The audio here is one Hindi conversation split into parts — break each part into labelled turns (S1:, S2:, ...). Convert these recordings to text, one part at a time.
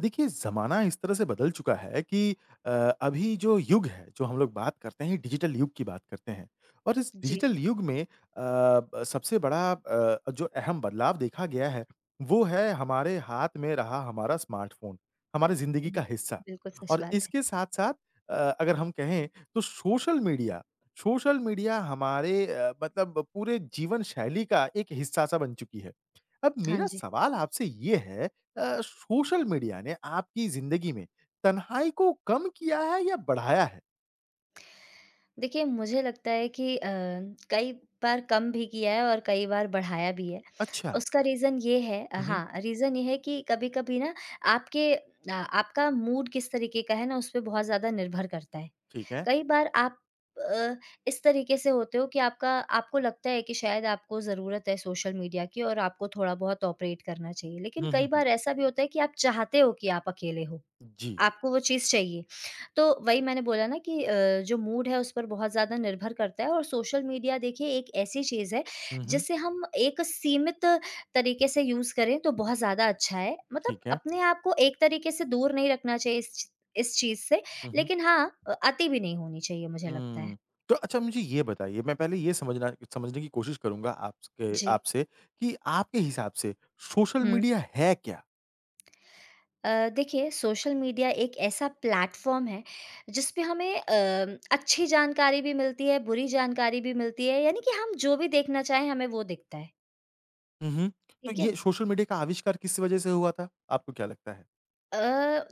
S1: देखिए ज़माना इस तरह से बदल चुका है की अ, अभी जो युग है, जो हम लोग बात करते हैं डिजिटल युग की बात करते है। और इस
S2: जी।
S1: डिजिटल युग में अ, ब सबसे बड़ा अ, जो अहम बदलाव देखा गया है, वो है हमारे हाथ में रहा हमारा स्मार्ट फ़ोन, हमारी जिंदगी
S2: हुँ,
S1: का हिस्सा।
S2: बिल्कुल सच
S1: और
S2: बात है।
S1: इसके साथ-साथ अ, अगर हम कहें, तो सोशल मीडिया सोशल मीडिया हमारे अ, मतलब पूरे जीवन-शैली का एक हिस्सा-सा बन चुकी है। अब
S2: हाँ
S1: मेरा
S2: जी।
S1: सवाल आपसे ये है अ, सोशल मीडिया ने आपकी जिंदगी में तन्हाई को कम किया है या बढ़ाया है?
S2: देखिए मुझे लगता है कि अ, कई बार कम भी किया है और कई बार बढ़ाया भी है।
S1: अच्छा।
S2: उसका रीज़न ये है
S1: हुँ, हुँ।
S2: हाँ, रीज़न ये है कि कभी-कभी ना आपके अ, आपका मूड किस तरीके का है ना उसपे बहुत ज़्यादा निर्भर करता है।
S1: ठीक है।
S2: कई बार आप अ, इस तरीके से होते हो कि आपका आपको लगता है कि शायद आपको ज़रूरत है सोशल मीडिया की और आपको थोड़ा बहुत ऑपरेट करना चाहिए। लेकिन
S1: हुँ,
S2: कई
S1: हुँ।
S2: बार ऐसा भी होता है कि आप चाहते हो कि आप अकेले हों,
S1: जी।
S2: आपको वो चीज़ चाहिए। तो वही मैंने बोला ना कि अ, जो मूड है उस पर बहुत ज़्यादा निर्भर करता है और सोशल मीडिया देखिए एक ऐसी चीज़ है,
S1: हुँ, हुँ।
S2: जिसे हम एक सीमित तरीके से यूज़ करें तो बहुत ज़्यादा अच्छा है। मतलब
S1: ठीक है।
S2: अपने आपको एक तरीके से दूर नहीं रखना चाहिए इस इस चीज़ से
S1: हुँ, हुँ।
S2: लेकिन हाँ, अ, अति भी नहीं होनी चाहिए मुझे लगता है।
S1: हुँ, तो अच्छा मुझे ये बताइए, मैं पहले ये समझना समझने की कोशिश करूँगा आपस अ,
S2: जी।
S1: आपसे कि आपके हिसाब से सोशल
S2: हुँ।
S1: मीडिया है क्या?
S2: अ, देखिए सोशल मीडिया एक ऐसा प्लेटफ़ॉर्म है, जिसपे हमें अम, अच्छी जानकारी भी मिलती है, बुरी जानकारी भी मिलती है यानि कि हम जो भी देखना चाहे हमें वो दिखता है।
S1: हुँ, हुँ। तो
S2: ठीक है।
S1: ये सोशल मीडिया का आविष्कार किस वज़ह से हुआ था? आपको क्या लगता है?
S2: अ,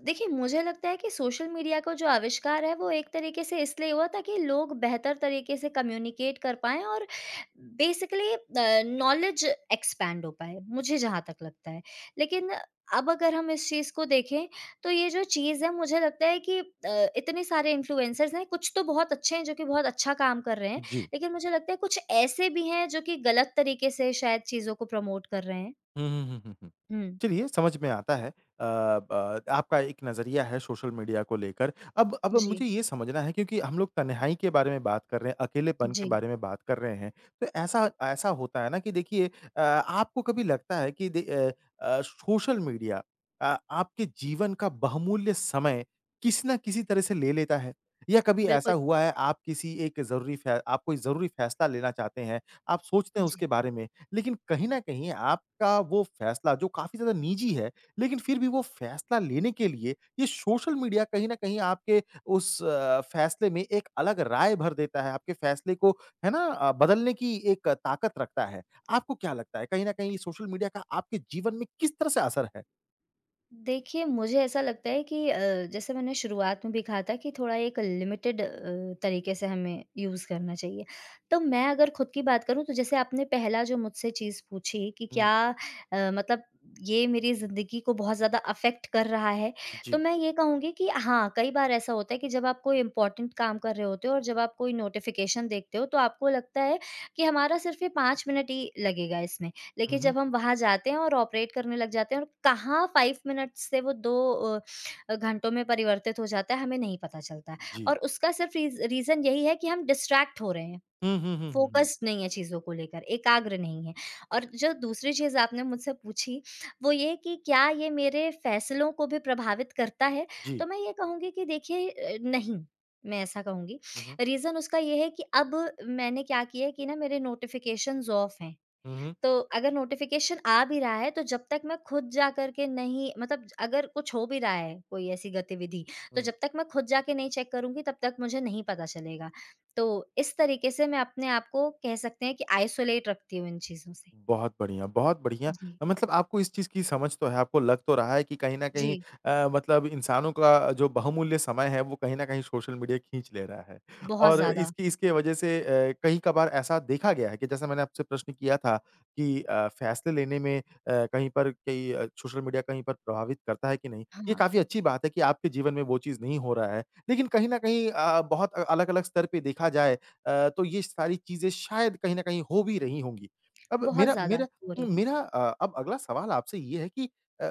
S2: देखिए मुझे लगता है कि सोशल मीडिया का जो आविष्कार है, वो एक तरीके से इसलिए हुआ था कि लोग बेहतर तरीके से कम्युनिकेट कर पाएँ और बेसिकली अ, नॉलेज एक्सपैंड हो पाए, मुझे जहाँ तक लगता है। लेकिन अब अगर हम इस चीज़ को देखें, तो ये जो चीज़ है, मुझे लगता है कि अ, इतने सारे इन्फ्लुएंसर्स हैं कुछ तो बहुत अच्छे हैं जो कि बहुत अच्छा काम कर रहे हैं।
S1: जी।
S2: लेकिन मुझे लगता है कुछ ऐसे भी हैं, जो कि गलत तरीके से शायद चीज़ों को प्रमोट कर रहे हैं।
S1: हुँ, हुँ, हुँ, हुँ, हुँ।
S2: हुँ।
S1: चलिए समझ में आता है अ, ब आपका एक नजरिया है, सोशल मीडिया को लेकर। अब अब
S2: जी।
S1: मुझे ये समझना है क्योंकि हम लोग तन्हाई के बारे में बात कर रहे हैं, अकेलेपन के
S2: जी।
S1: बारे में बात कर रहे हैं, तो ऐसा ऐसा होता है ना कि देखिए अ, आपको कभी लगता है कि the uh uh, social media uh, आपके जीवन का बहुमूल्य समय, किसी ना किसी तरह से ले लेता है? या कभी
S2: बिल्कुल।
S1: ऐसा हुआ है आप किसी एक ज़रूरी फै आप कोई ज़रूरी फैसला लेना चाहते हैं, आप सोचते
S2: उ,
S1: हैं
S2: जी।
S1: उसके बारे में लेकिन कहीं न कहीं आपका वो फैसला, जो काफ़ी ज़्यादा निजी है, लेकिन फिर भी वो फैसला लेने के लिए ये सोशल मीडिया कहीं न कहीं आपके उस अ, फैसले में एक अलग राय भर देता है, आपके फैसले को है ना बदलने की एक ताकत रखता है। आपको क्या लगता है कहीं न कहीं ये सोशल मीडिया का आपके जीवन में किस तरह से असर है?
S2: देखिए, मुझे ऐसा लगता है कि अ, जैसे मैंने शुरुआत में भी कहा था कि थोड़ा एक लिमिटेड अ, तरीके से हमें यूज़ करना चाहिए। तो मैं अगर खुद की बात करूँ तो जैसे आपने पहला जो मुझसे चीज़ पूछी कि
S1: हुँ।
S2: क्या अ, मतलब ये मेरी ज़िंदगी को बहुत ज़्यादा इफ़ेक्ट कर रहा है? तो
S1: जी।
S2: मैं ये कहूँगी कि हाँ, कई बार ऐसा होता है कि जब आप कोई इम्पोर्टेंट काम कर रहे होते हो और जब आप कोई नोटिफ़िकेशन देखते हो तो आपको लगता है कि हमारा सिर्फ़ ये 5 मिनट ही लगेगा इसमें। लेकिन
S1: हुँ, हुँ।
S2: जब हम वहाँ जाते हैं और ऑपरेट करने लग जाते हैं और कहाँ 5 मिनट्स से वो 2 अ, घंटों में परिवर्तित हो जाता है, हमें नहीं पता चलता है।
S1: जी।
S2: और उसका सिर्फ़ रीज़ रीज़न यही है कि हम डिस्ट्रैक्ट हो रहे हैं,
S1: हुँ, हुँ, हुँ, हुँ, हुँ।
S2: फोकस्ड नहीं है चीज़ों को लेकर, एकाग्र नहीं है। और जो दूसरी चीज़ आपने मुझसे पूछी, वो ये है कि क्या ये मेरे फैसलों को भी प्रभावित करता है?
S1: जी।
S2: तो मैं ये कहूँगी कि देखिए, अ, नहीं, मैं ऐसा कहूँगी।
S1: हुँ, हुँ।
S2: रीजन उसका ये है कि अब मैंने क्या किया है कि ना मेरे नोटिफ़िकेशंस ऑफ़ हैं,
S1: हुँ, हुँ।
S2: तो अगर नोटिफ़िकेशन आ भी रहा है तो जब तक मैं खुद जाकर के नहीं मतलब अगर कुछ हो भी रहा है कोई ऐसी गतिविधि तो
S1: हुँ।
S2: जब तक मैं खुद जाके नहीं चेक करुँगी तब तक मुझे नहीं पता चलेगा। तो इस तरीके से मैं अपने आपको कह सकते हैं कि आइसोलेट रखती हूँ इन चीज़ों से।
S1: बहुत बढ़िया, बहुत बढ़िया।
S2: जी।
S1: मतलब आपको इस चीज़ की समझ तो है, आपको लग तो रहा है कि कहीं न कहीं
S2: जी।
S1: अ, मतलब इंसानों का जो बहुमूल्य समय है वो कहीं न कहीं सोशल मीडिया खींच ले रहा है।
S2: बहुत
S1: और
S2: ज़्यादा।
S1: इसकी इसकी वज़ह से अ, कई कभार ऐसा देखा गया है कि जैसा मैंने आपसे प्रश्न किया था कि अ, फ़ेेसले लेने में अ, कहीं पर कि सोशल मीडिया कहीं पर प्रभावित करता है कि नहीं? ये
S2: हाँ।
S1: काफ़ी अच्छी बात है कि आपके जीवन में वो चीज़ नहीं हो रहा है, लेकिन कहीं न कहीं अ, बहुत अलग-अलग स्तर पे देखा जाए अ, तो ये सारी चीज़ें शायद कहीं न कहीं हो भी रही होंगी। अब
S2: बहुत
S1: मेरा
S2: ज़्यादा
S1: मेरा
S2: हो रही हैं।
S1: मेरा अ, अब अगला सवाल आपसे ये है कि अ,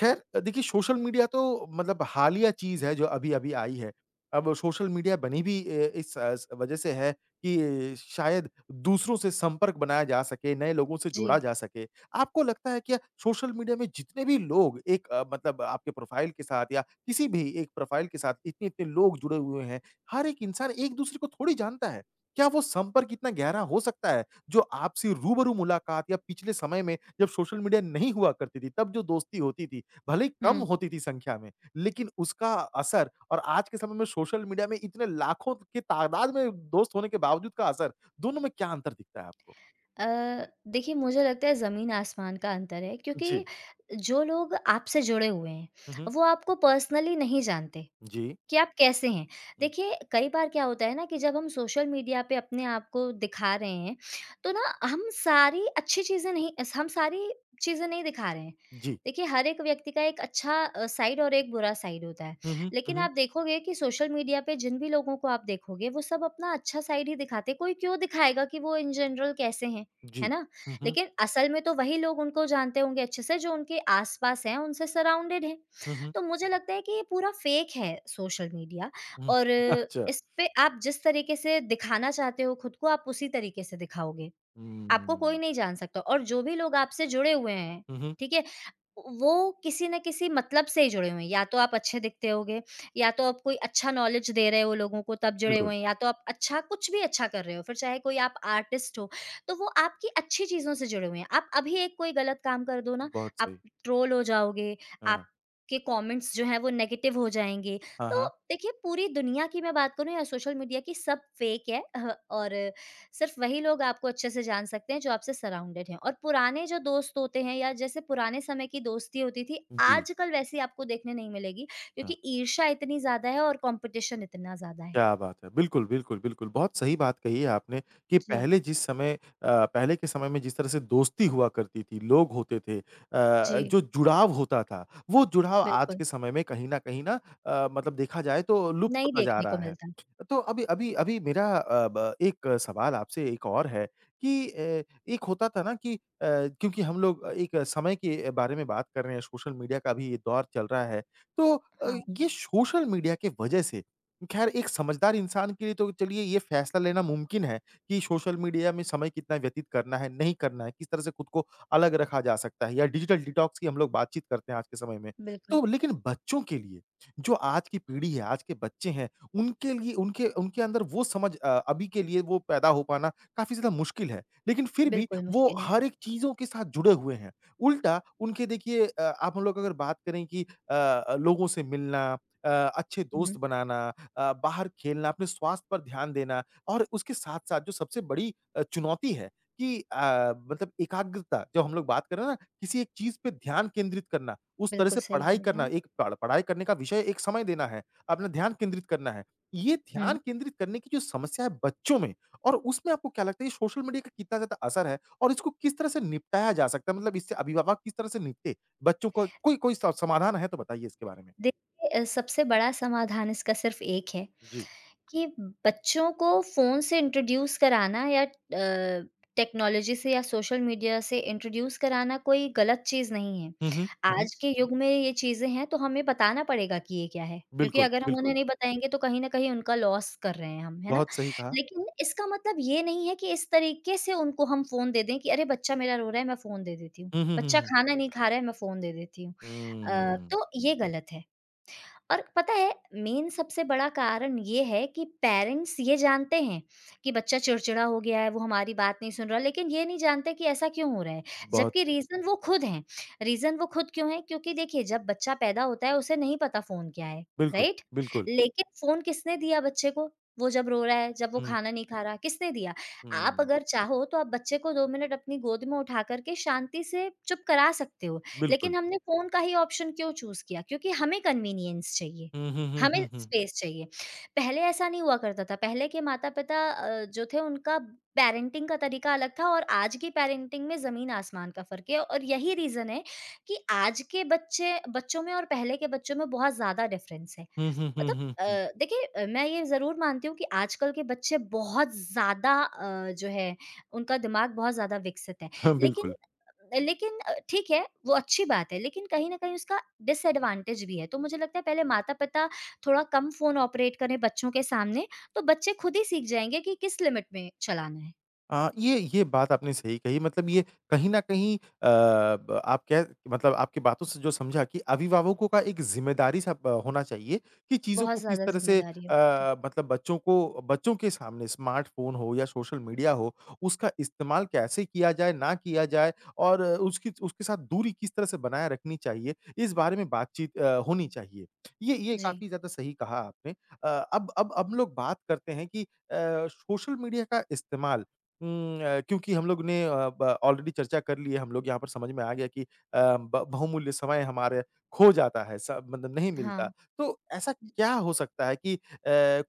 S1: ख़ैर देखिए सोशल मीडिया तो मतलब हालिया चीज़ है जो अभी-अभी आई है। अब सोशल मीडिया बनी भी अ, इस वज़ह से है कि शायद दूसरों से संपर्क बनाया जा सके, नए लोगों से जुड़ा
S2: जी।
S1: जा सके। आपको लगता है कि सोशल मीडिया में जितने भी लोग एक अ, मतलब आपके प्रोफ़ाइल के साथ या किसी भी एक प्रोफ़ाइल के साथ इतने-इतने लोग जुड़े हुए हैं, हर एक इंसान एक-दूसरे को थोड़ी जानता है। क्या वो संपर्क इतना गहरा हो सकता है, जो आपसे रूबरू मुलाकात या पिछले समय में जब सोशल मीडिया नहीं हुआ करती थी तब जो दोस्ती होती थी, भले ही कम
S2: हुँ।
S1: होती थी संख्या में लेकिन उसका असर और आज के समय में सोशल मीडिया में इतने लाखों की तादाद में दोस्त होने के बावजूद का असर, दोनों में क्या अंतर दिखता है आपको?
S2: अ, देखिए मुझे लगता है ज़मीन आसमान का अंतर है क्योंकि
S1: जी।
S2: जो लोग आपसे जुड़े हुए हैं,
S1: हुँ, हुँ।
S2: वो आपको पर्सनली नहीं जानते
S1: जी।
S2: कि आप कैसे हैं।
S1: हुँ।
S2: देखिए कई बार क्या होता है ना कि जब हम सोशल मीडिया पे अपने आपको दिखा रहे हैं तो ना हम सारी अच्छी चीज़ें नहीं हम सारी चीज़ें नहीं दिखा रहे हैं।
S1: जी।
S2: देखिए हर एक व्यक्ति का एक अच्छा अ, साइड और एक बुरा साइड होता है,
S1: हुँ, हुँ। हुँ,
S2: लेकिन
S1: हुँ।
S2: आप देखोगे कि सोशल मीडिया पे जिन भी लोगों को आप देखोगे वो सब अपना अच्छा साइड ही दिखाते हैं, कोई क्यों दिखाएगा कि वो इन जनरल कैसे हैं, है
S1: जी।
S2: ना?
S1: हुँ, हुँ।
S2: लेकिन असल में तो वही लोग उनको जानते होंगे अच्छे से जो उनके आस-पास हैं, उनसे साराउंडेड हैं।
S1: हुँ, हुँ।
S2: तो मुझे लगता है कि ये पूरा फेक है सोशल मीडिया
S1: हुँ।
S2: और
S1: अच्छा।
S2: इसपे आप जिस तरीके से दिखाना चाहते हो खुद को आप उसी तरीके से दिखाओगे। आपको
S1: हुँ।
S2: कोई नहीं जान सकता और जो भी लोग आपसे जुड़े हुए हैं,
S1: हुँ, हुँ।
S2: ठीक है, वो किसी न किसी मतलब से ही जुड़े हुए हैं। या तो आप अच्छे दिखते होगे, या तो आप कोई अच्छा नॉलेज़ दे रहे हो लोगों को तब जुड़े
S1: बिल्कुल।
S2: हुए हैं, या तो आप अच्छा कुछ भी अच्छा कर रहे हो, फिर चाहे कोई आप आर्टिस्ट हो, तो वो आपकी अच्छी चीज़ों से जुड़े हुए हैं। आप अभी एक कोई गलत काम कर दो ना,
S1: बहुत
S2: आप
S1: सही।
S2: ट्रोल हो जाओगे,
S1: हाँ।
S2: आपके कमेंट्स जो हैं वो नेगेटिव हो जाएँगे।
S1: हाँ,
S2: तो
S1: हाँ।
S2: देखिए पूरी दुनिया की मैं बात करूँ या सोशल मीडिया की सब फ़ेक है अह और सिर्फ़ वही लोग आपको अच्छे से जान सकते हैं जो आपसे सराउंडेड हैं और पुराने जो दोस्त होते हैं या जैसे पुराने समय की दोस्ती होती थी,
S1: जी।
S2: आजकल वैसे आपको देखने नहीं मिलेगी
S1: हाँ।
S2: क्योंकि ईर्ष्या इतनी ज़्यादा है और कॉम्पिटिशन इतना ज़्यादा है।
S1: क्या बात है। बिल्कुल, बिल्कुल, बिल्कुल। बहुत सही बात कही है आपने कि
S2: जी।
S1: पहले जिस समय अ, पहले के समय में जिस तरह से दोस्ती हुआ करती थी, लोग होते थे अ,
S2: जी।
S1: जो जुड़ाव होता था, वो जुड़ाव आज
S2: बिल्कुल।
S1: के समय में कहीं न कहीं ना अ, मतलब देखा जाए तो लुप्त
S2: नहीं
S1: नज़ा आ
S2: देखने को
S1: रहा है।
S2: मिलता है।
S1: तो अभी अभी अभी मेरा अ, ब एक सवाल आपसे एक और है कि अ, एक होता था ना कि अ, क्योंकि हम लोग एक समय के बारे में बात कर रहे हैं, सोशल मीडिया का भी ये दौर चल रहा है, तो अ,
S2: हाँ।
S1: ये सोशल मीडिया के वज़ह से ख़ैर एक समझदार इंसान के लिए तो चलिए ये फैसला लेना मुमकिन है कि सोशल मीडिया में समय कितना व्यतीत करना है, नहीं करना है, किस तरह से खुद को अलग रखा जा सकता है या डिजिटल डिटॉक्स की हम लोग बातचीत करते हैं आज के समय में,
S2: बिल्कुल।
S1: तो लेकिन बच्चों के लिए जो आज की पीढ़ी है, आज के बच्चे हैं, उनके लिए, उनके उनके अंदर वो समझ अ, अभी के लिए वो पैदा हो पाना काफ़ी ज़्यादा मुश्किल है। लेकिन फिर भी
S2: बिल्कुल,
S1: वो
S2: मुश्किल है।
S1: हर एक चीज़ों के साथ जुड़े हुए हैं, उल्टा उनके देखिए अ, आप हम लोग अगर बात करें कि अ, लोगों से मिलना अ अच्छे दोस्त
S2: हुँ।
S1: बनाना अ, बाहर खेलना, अपने स्वास्थ्य पर ध्यान देना और उसके साथ-साथ जो सबसे बड़ी चुनौती है कि अ, मतलब एकाग्रता जब हम लोग बात कर रहे हैं ना किसी एक चीज़ पे ध्यान केंद्रित करना, उस तरह
S2: बिल्कुल
S1: से
S2: सही
S1: पढ़ाई
S2: बोल रहे
S1: करना,
S2: हैं।
S1: एक पढ़ पढ़ाई करने का विषय एक समय देना है, अपना ध्यान केंद्रित करना है। ये
S2: हुँ।
S1: ध्यान केंद्रित करने की जो समस्या है बच्चों में और उसमें आपको क्या लगता है ये सोशल मीडिया का कितना ज़्यादा असर है और इसको किस तरह से निपटाया जा सकता है, मतलब इससे अभिभावक किस तरह से निपटे? बच्चों को कोई कोई स समाधान है तो बताइए इसके बारे में।
S2: देखिए, ए सबसे बड़ा समाधान इसका सिर्फ़ एक है
S1: जी।
S2: कि बच्चों को फ़ोन से इंट्रोड्यूस कराना या अ, टेक्नोलॉज़ी से या सोशल मीडिया से इंट्रोड्यूस कराना कोई गलत चीज़ नहीं है।
S1: हुँ, हुँ। हुँ, हुँ।
S2: आज के युग में ये चीज़ें हैं तो हमें बताना पड़ेगा कि ये क्या है, क्योंकि
S1: बिल्कुल,
S2: अगर हम उन्हें
S1: बिल्कुल।
S2: नहीं बताएँगे तो कहीं न कहीं उनका लॉस कर रहे हैं हम, है ना?
S1: बहुत सही कहा।
S2: लेकिन इसका मतलब ये नहीं है कि इस तरीके से उनको हम फ़ोन दे दें कि अरे! बच्चा मेरा रो रहा है मैं फ़ोन दे देती हूँ,
S1: हुँ, हुँ, हुँ,
S2: बच्चा
S1: हुँ।
S2: खाना नहीं खा रहा है मैं फ़ोन दे देती हूँ अ,
S1: हुँ।
S2: तो ये गलत है। और पता है मेन, सबसे बड़ा कारण ये है कि पेरेंट्स ये जानते हैं कि बच्चा चिड़चिड़ा हो गया है, वो हमारी बात नहीं सुन रहा, लेकिन ये नहीं जानते की ऐसा क्यों हो रहा है?
S1: बहुत
S2: जबकि
S1: सही।
S2: रीज़न वो खुद हैं, रीजन वो खुद क्यों हैं? क्योंकि देखिए जब बच्चा पैदा होता है उसे नहीं पता फ़ोन क्या है,
S1: बिल्कुल,
S2: राइट?
S1: बिल्कुल।
S2: लेकिन फ़ोन किसने दिया बच्चे को, वो जब रो रहा है, जब वो
S1: हुँ।
S2: खाना नहीं खा रहा है, किसने दिया? आप
S1: हुँ।
S2: अगर चाहो तो आप बच्चे को 2 मिनट अपनी गोद में उठा कर के शांति से चुप करा सकते हो।
S1: बिल्कुल।
S2: लेकिन हमने फ़ोन का ही ऑप्शन क्यों चूज़ किया? क्योंकि हमें कन्वीनियंस चाहिए,
S1: हुँ, हुँ, हुँ,
S2: हमें
S1: हुँ, हुँ।
S2: स्पेस चाहिए। पहले ऐसा नहीं हुआ करता था, पहले के माता-पिता अ, जो थे उनका पैरेंटिंग का तरीका अलग था और आज की पैरेंटिंग में ज़मीन आसमान का फ़र्क है और यही रीज़न है कि आज के बच्चे बच्चों में और पहले के बच्चों में बहुत ज़्यादा डिफरेंस है।
S1: हुँ, हुँ, हुँ,
S2: मतलब
S1: हुँ,
S2: अ,
S1: हुँ।
S2: देखिए अ, मैं ये ज़रूर मानती हूँ कि आजकल के बच्चे बहुत ज़्यादा अ, जो है उनका दिमाग बहुत ज़्यादा विकसित है
S1: हाँ,
S2: लेकिन
S1: बिल्कुल।
S2: लेकिन ठीक है, वो अच्छी बात है, लेकिन कहीं न कहीं उसका डिसएडवांटेज भी है। तो मुझे लगता है पहले माता-पिता थोड़ा कम फ़ोन ऑपरेट करें बच्चों के सामने तो बच्चे खुद ही सीख जाएँगे कि किस लिमिट में चलाना है।
S1: अ, ये ये बात आपने सही कही मतलब ये कहीं न कहीं अ, ब आप कह, मतलब आपकी बातों से जो समझा कि अभिभावकों का एक जिम्मेदारी-सा प होना चाहिए, कि चीज़ों
S2: बहुत
S1: को किस
S2: ज़्यादा
S1: तरह से
S2: ज़िम्मेदारी है।
S1: अ, मतलब बच्चों को बच्चों के सामने स्मार्ट फ़ोन हो या सोशल मीडिया हो, उसका इस्तेमाल कैसे किया जाए? ना किया जाए? और उसकी उसके साथ दूरी किस तरह से बनाए रखनी चाहिए? इस बारे में बातचीत अ, होनी चाहिए, ये ये
S2: जी।
S1: काफ़ी ज़्यादा सही कहा आपने। अ, अब अब अब लोग बात करते हैं कि अ, सोशल मीडिया का इस्तेमाल हुँ, अ, क्योंकि हम लोग ने अ, ब ऑलरेडी चर्चा कर ली है, हम लोग यहाँ पर समझ में आ गया कि अ, ब बहुमूल्य समय हमारे खो जाता है स मतलब नहीं मिलता।
S2: हाँ।
S1: तो ऐसा क्या हो सकता है कि अ,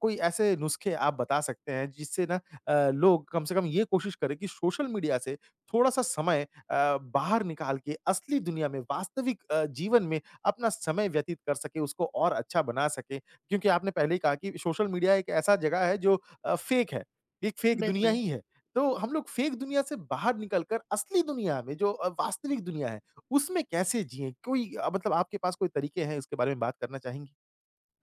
S1: कोई ऐसे नुस्खे आप बता सकते हैं जिससे ना अ, लोग कम से कम ये कोशिश करे कि सोशल मीडिया से थोड़ा-सा समय अ, बाहर निकाल के असली दुनिया में, वास्तविक अ, जीवन में अपना समय व्यतीत कर सके उसको और अच्छा बना सके, क्योंकि आपने पहले ही कहा कि सोशल मीडिया एक ऐसा जगह है जो अ, फेक है, एक फेक दुनिया
S2: बिल्कुल।
S1: ही है। तो हम लोग फेक दुनिया से बाहर निकल कर असली दुनिया में जो अ, वास्तविक दुनिया है, उसमें कैसे जिए? कोई अ, मतलब आपके पास कोई तरीके हैं उसके बारे में बात करना चाहेंगी?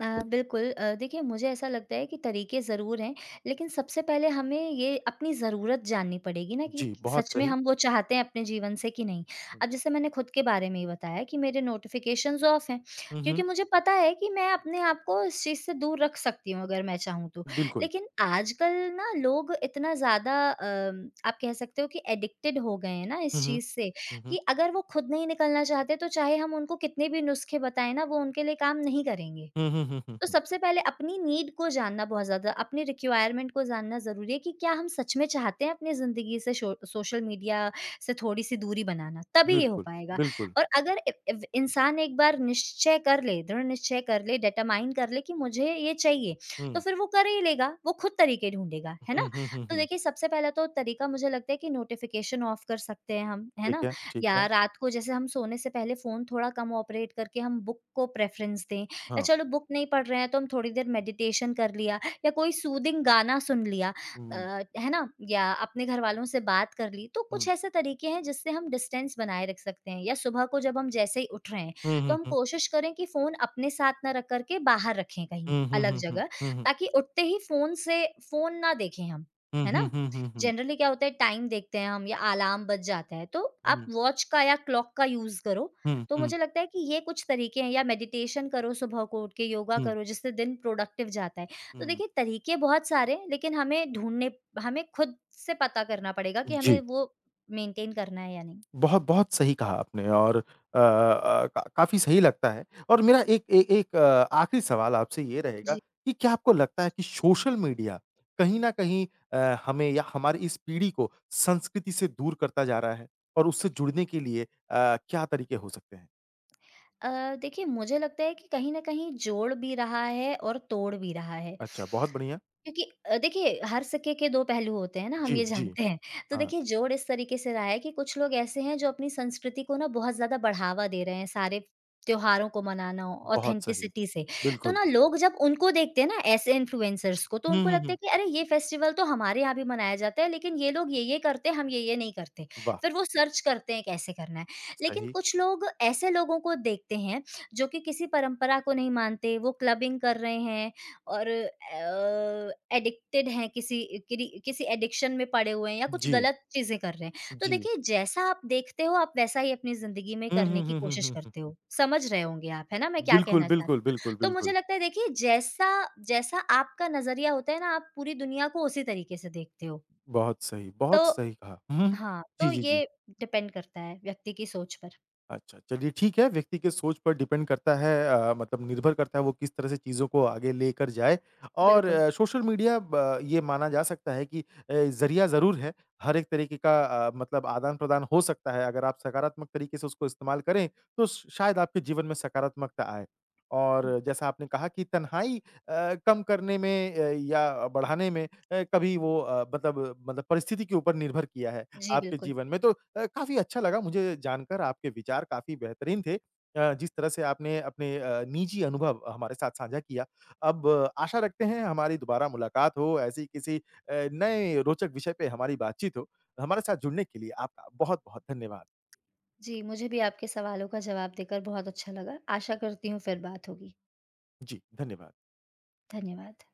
S2: अ, बिल्कुल अ, देखिए, मुझे ऐसा लगता है कि तरीके ज़रूर हैं, लेकिन सबसे पहले हमें ये अपनी ज़रूरत जाननी पड़ेगी ना कि
S1: जी,
S2: क
S1: बहुत
S2: सच में
S1: सही।
S2: हम वो चाहते हैं अपने जीवन से कि नहीं।
S1: हुँ।
S2: अब जैसे मैंने खुद के बारे में ही बताया कि मेरे नोटिफ़िकेशंस ऑफ हैं
S1: हुँ,
S2: क्योंकि
S1: हुँ।
S2: मुझे पता है कि मैं अपने आप को इस चीज़ से दूर रख सकती हूँ अगर मैं चाहूँ तो।
S1: बिल्कुल।
S2: लेकिन आजकल ना लोग इतना ज़्यादा अम, आप कह सकते हो कि एडिक्टेड हो गए हैं ना इस
S1: हुँ, हुँ।
S2: चीज़ से
S1: हुँ, हुँ।
S2: कि अगर वो खुद नहीं निकलना चाहते, तो चाहे हम उनको कितने भी नुस्खे बताए ना, वो उनके लिए काम नहीं करेंगे।
S1: हुँ, हुँ, हुँ, हुँ,
S2: तो
S1: हुँ।
S2: सबसे पहले, अपनी नीड को जानना बहुत ज़्यादा अपनी रिक्वायरमेंट को जानना ज़रूरी है कि क्या हम सच में चाहते हैं अपने ज़िंदगी से शो अ, सोशल मीडिया से थोड़ी-सी दूरी बनाना, तभी ये हो
S1: बिल्कुल,
S2: पाएगा।
S1: बिल्कुल।
S2: और अगर ए एव इंसान एक बार निश्चय कर ले, दृढ़ निश्चय कर ले, डिटरमाइन कर ले कि मुझे ये चाहिए, तो
S1: हुँ।
S2: फिर वो कर ही लेगा, वो खुद तरीके ढूँढेगा, है ना।
S1: हुँ, हुँ, हुँ,
S2: तो
S1: हुँ।
S2: देखिए, सबसे पहला तो तरीका मुझे लगता है कि नोटिफ़िकेशन ऑफ कर सकते है हम, है
S1: ठीक
S2: ना।
S1: है, ठीक
S2: या
S1: है।
S2: रात को जैसे हम सोने से पहले फ़ोन थोड़ा कम ऑपरेट करके हम बुक को प्रेफरेंस दें। या
S1: हाँ।
S2: चलो बुक नहीं पढ़ रहे हैं, तो हम थोड़ी देर मेडिटेशन कर लिया, या कोई सूथिंग गाना सुन लिया
S1: हुँ,
S2: अ,
S1: हुँ।
S2: है ना, या अपने घरवालों से बात कर ली। तो कुछ
S1: हुँ।
S2: ऐसे तरीके हैं जिससे हम डिस्टेंस बनाए रख सकते हैं। या सुबह को जब हम जैसे ही उठ रहे हैं,
S1: हुँ,
S2: तो
S1: हुँ,
S2: हम
S1: हुँ।
S2: कोशिश करें कि फ़ोन अपने साथ ना रख कर के बाहर रखे कहीं
S1: हुँ, हुँ,
S2: अलग
S1: हुँ, हुँ।
S2: जगह,
S1: हुँ, हुँ।
S2: ताकि उठते ही फ़ोन से फ़ोन ना देखें हम,
S1: हुँ,
S2: है
S1: हुँ,
S2: ना।
S1: हुँ, हुँ, हुँ।
S2: जनरली क्या होता है, टाइम देखते हैं हम या अलार्म बज जाता है, तो आप
S1: हुँ।
S2: वॉच का या क्लॉक का यूज़ करो।
S1: हुँ,
S2: तो
S1: हुँ।
S2: मुझे लगता है कि ये कुछ तरीके हैं, या मेडिटेशन करो सुबह को उठ के, योगा
S1: हुँ।
S2: करो जिससे दिन प्रोडक्टिव जाता है। तो
S1: हुँ।
S2: देखिए, तरीके बहुत सारे हैं, लेकिन हमें ढूँढने हमें खुद से पता करना पड़ेगा
S1: उ,
S2: कि हमें
S1: जी।
S2: वो मेंटेन करना है या नहीं।
S1: बहुत, बहुत सही कहा आपने और अ अ, क काफ़ी सही लगता है। और मेरा 1 ए 1 आखिरी सवाल आपसे ये रहेगा
S2: जी।
S1: कि क्या आपको लगता है कि सोशल मीडिया कहीं न कहीं अ, हमें या हमारी इस पीढ़ी को संस्कृति से दूर करता जा रहा है, और उससे जुड़ने के लिए अ, क्या तरीके हो सकते हैं?
S2: अ, देखिए मुझे लगता है कि कहीं न कहीं जोड़ भी रहा है और तोड़ भी रहा है।
S1: अच्छा, बहुत बढ़िया।
S2: क्योंकि अ, देखिए हर सिक्के के दो पहलू होते हैं ना, हम
S1: जी,
S2: ये
S1: जी,
S2: जानते हैं। तो
S1: हाँ।
S2: देखिए जोड़ इस तरीके से रहा है कि कुछ लोग ऐसे हैं जो अपनी संस्कृति को ना बहुत ज़्यादा बढ़ावा दे रहे हैं, सारे त्योहारों को मनाना,
S1: बहुत सही,
S2: ऑथेंटिसिटी से, तो
S1: बिल्कुल।
S2: ना लोग जब उनको देखते हैं ना ऐसे इन्फ्लुएंसर्स को, तो
S1: हुँ,
S2: उनको
S1: हुँ,
S2: लगता है
S1: हुँ।
S2: कि अरे ये फेस्टिवल तो हमारे यहाँ भी मनाया जाता है, लेकिन ये लोग ये-ये करते हैं, हम ये-ये नहीं करते।
S1: वाह!
S2: फिर वो सर्च करते हैं कैसे करना है। लेकिन
S1: सही।
S2: कुछ लोग ऐसे लोगों को देखते हैं, जो कि किसी परंपरा को नहीं मानते, वो क्लबिंग कर रहे हैं, और अ, एडिक्टेड हैं किसी किरी किसी एडिक्शन में पड़े हुए हैं या कुछ
S1: जी।
S2: गलत चीज़ें कर रहे हैं। तो
S1: जी।
S2: देखिए जैसा आप देखते हो आप वैसा ही अपनी जिंदगी में
S1: हुँ,
S2: करने
S1: हुँ,
S2: की
S1: हुँ, हुँ,
S2: कोशिश
S1: हुँ, हुँ,
S2: करते हो।
S1: हुँ।
S2: समझ रहे होंगे आप, है ना? मैं क्या
S1: बिल्कुल,
S2: कहना
S1: बिल्कुल,
S2: चाहती
S1: बिल्कुल,
S2: हूँ। तो मुझे
S1: बिल्कुल।
S2: लगता है देखिए जैसा जैसा आपका नज़रिया होता है ना आप पूरी दुनिया को उसी तरीके से देखते हो।
S1: बहुत सही,
S2: तो
S1: बहुत सही कहा। हुँ, हुँ।
S2: हाँ,
S1: जी,
S2: तो
S1: जी, जी।
S2: ये डिपेंड करता है व्यक्ति की सोच पर।
S1: अच्छा, चलिए ठीक है, व्यक्ति के सोच पर डिपेंड करता है अ, मतलब निर्भर करता है वो किस तरह से चीज़ों को आगे लेकर जाए और
S2: बिल्कुल।
S1: सोशल मीडिया ब ये माना जा सकता है कि अ, ज़रिया ज़रूर है। हर एक तरीके का अ, मतलब आदान-प्रदान हो सकता है। अगर आप सकारात्मक तरीके से उसको इस्तेमाल करें तो श शायद आपके जीवन में सकारात्मकता आए। और
S2: हुँ।
S1: जैसा आपने कहा कि तनहाई अ, कम करने में अ, या बढ़ाने में अ, कभी वो अ, मतलब मतलब परिस्थिति के ऊपर निर्भर किया है
S2: जी,
S1: आपके
S2: बिल्कुल।
S1: जीवन में तो अ, काफ़ी अच्छा लगा मुझे जानकर आपके विचार काफ़ी बेहतरीन थे। अ, जिस तरह से आपने अपने अ, निजी अनुभव हमारे साथ साझा किया, अब आशा रखते हैं हमारी दोबारा मुलाकात हो ऐसी किसी अ, नए रोचक विषय पे हमारी बातचीत हो। हमारे साथ जुड़ने के लिए आपका बहुत-बहुत धन्यवाद।
S2: जी, मुझे भी आपके सवालों का जवाब देकर बहुत अच्छा लगा। आशा करती हूँ फिर बात होगी।
S1: जी, धन्यवाद।
S2: धन्यवाद।